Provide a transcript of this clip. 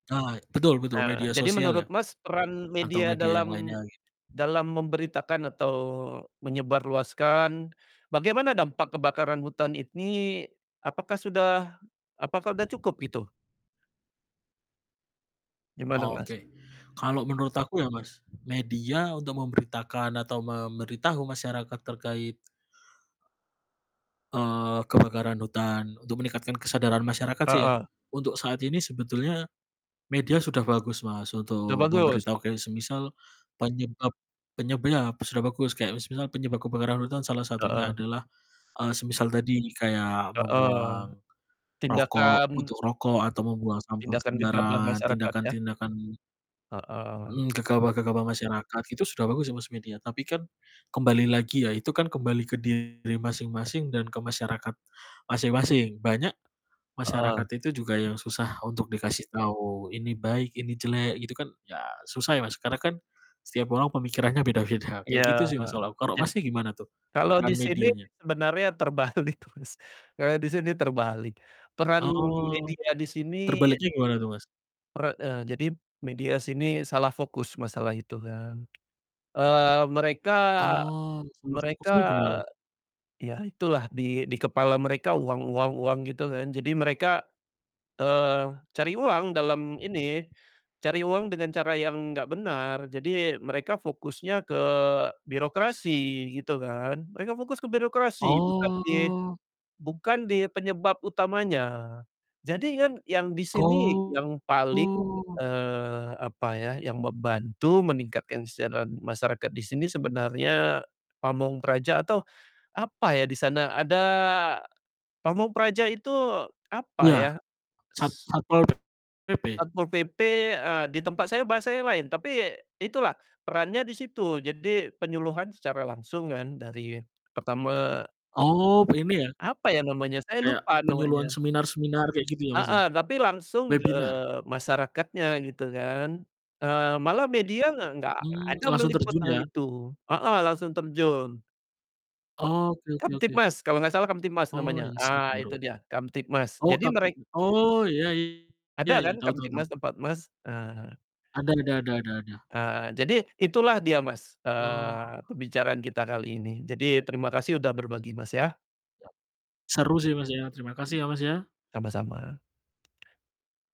Ah, betul- betul Eee, media jadi sosial ya. menurut Mas peran Atau media media yang lainnya dalam gitu. dalam memberitakan atau menyebarluaskan bagaimana dampak kebakaran hutan ini apakah sudah apakah udah cukup gitu? Gimana Mas? Oke, kalau menurut aku ya Mas, media untuk memberitakan atau memberitahu masyarakat terkait eee, kebakaran hutan untuk meningkatkan kesadaran masyarakat sih ya, Heeh. untuk saat ini sebetulnya media sudah bagus Mas Udah untuk bagus. memberitahu, kayak semisal penyebab penyeb iya p sudah bagus. Kayak semisal penyebab kebakaran hutan salah satunya Heeh. adalah, eee, semisal tadi kayak Heeh, membuang rokok tindakan puntung rokok, atau membuang sampah tindakan gegabah sembarangan, masyarakat ya. tindakan-tindakan Heeh. Mhm, gegabah-gegabah masyarakat itu sudah bagus ya Mas media. Tapi kan kembali lagi ya itu kan kembali ke diri masing-masing dan ke masyarakat masing-masing. Banyak Heeh. masyarakat itu juga yang susah untuk dikasih tahu ini baik, ini jelek gitu kan ya susah ya Mas. Karena kan setiap orang pemikirannya beda-beda kayak gitu Ya, sih Mas kalau aku. Karau je Mas gimana tuh kalau di peran sini medianya? sebenarnya terbalik Mas, eee, di sini terbalik. Peran Oh, media di sini terbaliknya gimana tuh Mas? pera eee, jadi media sini salah fokus masalah itu kan. Eee, mereka, Oh, sama mereka fokusnya gimana? ya itulah di di kepala mereka uang uang uang gitu kan. Jadi mereka, eee, cari uang dalam ini, cari uang dengan cara yang nggak benar. Jadi mereka fokusnya ke birokrasi gitu kan. Mereka fokus ke birokrasi bukan di Oh. bukan di penyebab utamanya. Jadi kan yang di sini yang Oh. paling, eee, apa ya, yang membantu meningkatkan kesejahteraan masyarakat di sini sebenarnya pamong praja atau apa ya di sana, ada pamong praja itu apa Iya, ya? sat S Satpol PP. Satpol PP, eee, di tempat saya bahasanya lain. Tapi itulah perannya di situ. Jadi penyuluhan secara langsung kan dari pertama Oh begini ya apa ya namanya, saya Kayak lupa penyuluhan namanya. seminar-seminar kayak gitu ya, Mas ya. Heeh, tapi langsung ke Webinar masyarakatnya gitu kan. Eee, malah media gak gak gak Mmm, ada langsung meliput terjun hal ya. itu. Heeh, langsung terjun. Oke oke oke. Kamtibmas, kalo gak salah Kamtibmas Oh, namanya. insight Eee, itu baru. dia Kamtibmas, Oh, jadi kapit merek oh, ya ya Ada kan ya. Tau tau Kamtibmas tau. tempat Mas? Ah. Ada ada ada ada ada. Eee, jadi itulah dia Mas, Oh. eee, pembicaraan kita kali ini. Jadi terima kasih udah berbagi Mas ya. Ya, seru sih Mas ya. Terima kasih ya, Mas ya. Sama-sama.